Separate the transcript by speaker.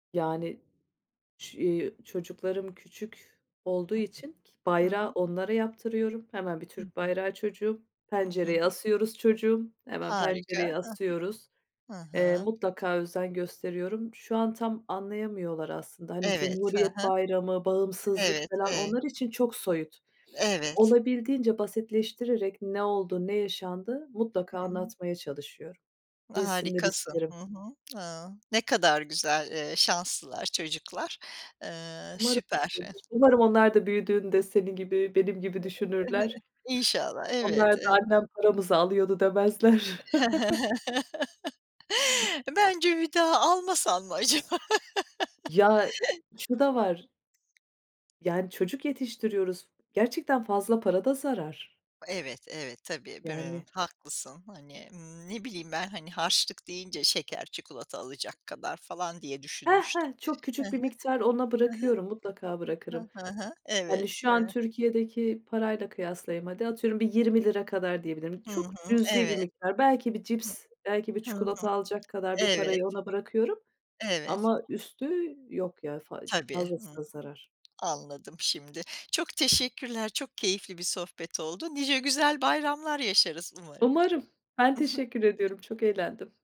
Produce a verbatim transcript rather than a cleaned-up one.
Speaker 1: Yani, ç eee, çocuklarım küçük olduğu
Speaker 2: Hı
Speaker 1: için
Speaker 2: hı. Hı
Speaker 1: bayrağı
Speaker 2: hı.
Speaker 1: onlara yaptırıyorum. Hemen bir
Speaker 2: Hı
Speaker 1: Türk
Speaker 2: hı.
Speaker 1: bayrağı çocuğum.
Speaker 2: I hı.
Speaker 1: Pencereye asıyoruz çocuğum, hemen
Speaker 2: Harika,
Speaker 1: pencereye asıyoruz.
Speaker 2: hı hı. Hı
Speaker 1: Eee,
Speaker 2: hı.
Speaker 1: mutlaka özen gösteriyorum. Şu an tam anlayamıyorlar aslında. Hani,
Speaker 2: Evet. Hı
Speaker 1: Cumhuriyet
Speaker 2: hı.
Speaker 1: Bayramı, bağımsızlık
Speaker 2: Evet,
Speaker 1: falan
Speaker 2: evet.
Speaker 1: onlar için çok soyut.
Speaker 2: Evet.
Speaker 1: Olabildiğince basitleştirerek ne oldu, ne yaşandı mutlaka
Speaker 2: Hıı.
Speaker 1: anlatmaya çalışıyorum. Bilsinler
Speaker 2: Harikasın. Hı
Speaker 1: isterim.
Speaker 2: hı. Hıı. Ne kadar güzel, eee, şanslılar çocuklar. Eee,
Speaker 1: Umarım
Speaker 2: süper.
Speaker 1: öyledir. Umarım onlar da büyüdüğünde senin gibi, benim gibi düşünürler.
Speaker 2: İnşallah,
Speaker 1: Onlar
Speaker 2: elbette.
Speaker 1: da annem paramızı alıyordu demezler.
Speaker 2: Bence, bir daha almasan mı acaba?
Speaker 1: Ya, şu da var. Yani, çocuk yetiştiriyoruz. Gerçekten fazla para da zarar.
Speaker 2: Evet, evet, tabii.
Speaker 1: Yani.
Speaker 2: [unintelligible] Haklısın. Hani, ımm, ne bileyim ben, hani, harçlık deyince şeker, çikolata alacak kadar falan diye
Speaker 1: He
Speaker 2: düşünmüştüm.
Speaker 1: he, çok
Speaker 2: Hı
Speaker 1: küçük bir
Speaker 2: hı.
Speaker 1: miktar ona
Speaker 2: Hı hı.
Speaker 1: bırakıyorum, mutlaka bırakırım.
Speaker 2: Hı hı hı.
Speaker 1: Yani,
Speaker 2: Evet,
Speaker 1: şu an
Speaker 2: eee
Speaker 1: Türkiye'deki parayla kıyaslayayım. Hadi, atıyorum, bir yirmi lira kadar diyebilirim.
Speaker 2: Hı
Speaker 1: Çok
Speaker 2: hı,
Speaker 1: cüzi bir
Speaker 2: evet.
Speaker 1: miktar. Belki bir
Speaker 2: Hı.
Speaker 1: cips, belki bir
Speaker 2: Hı hı.
Speaker 1: çikolata alacak kadar bir
Speaker 2: Evet.
Speaker 1: parayı ona bırakıyorum
Speaker 2: Evet.
Speaker 1: ama üstü yok ya, fa
Speaker 2: Tabii.
Speaker 1: fazlası
Speaker 2: Hı.
Speaker 1: da zarar.
Speaker 2: Anladım şimdi. Çok teşekkürler, çok keyifli bir sohbet oldu. Nice güzel bayramlar yaşarız umarım.
Speaker 1: Umarım. Ben
Speaker 2: I hı.
Speaker 1: teşekkür ediyorum. Çok eğlendim.